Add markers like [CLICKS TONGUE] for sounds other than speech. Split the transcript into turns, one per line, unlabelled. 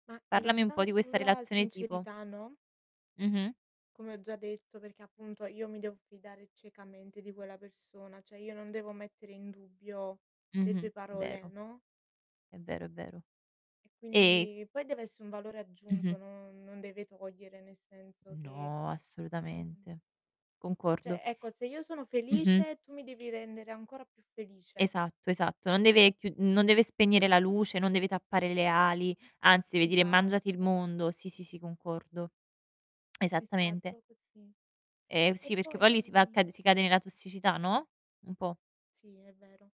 Ma, in
Parlami un
realtà,
po' di questa
sulla
relazione tipo.
sincerità, no?
Mh-mh.
Come ho già detto. Perché, appunto, io mi devo fidare ciecamente di quella persona, cioè, io non devo mettere in dubbio le
Mh-mh,
tue
è
parole,
vero.
no?
È vero, è vero. E
Quindi poi dev'esse un valore
Mh-mh.
aggiunto, non non deve togliere, nel senso che
No,
ehm
assolutamente. Concordo.
Cioè, ecco, se io sono
Mh-mh.
felice, tu mi devi rendere ancora più felice.
Esatto, esatto, non deve chiu non deve spegnere la luce, non deve tappare le ali, anzi, deve dire: "Mangiati il
Esatto.
mondo", sì, sì, sì, concordo. [CLICKS TONGUE] Esattamente.
Esatto, così.
Ehm,
E
sì, perché
poi
poi lì si va a cade si cade
mh-mh.
nella tossicità, no, un po'.
Sì, è vero.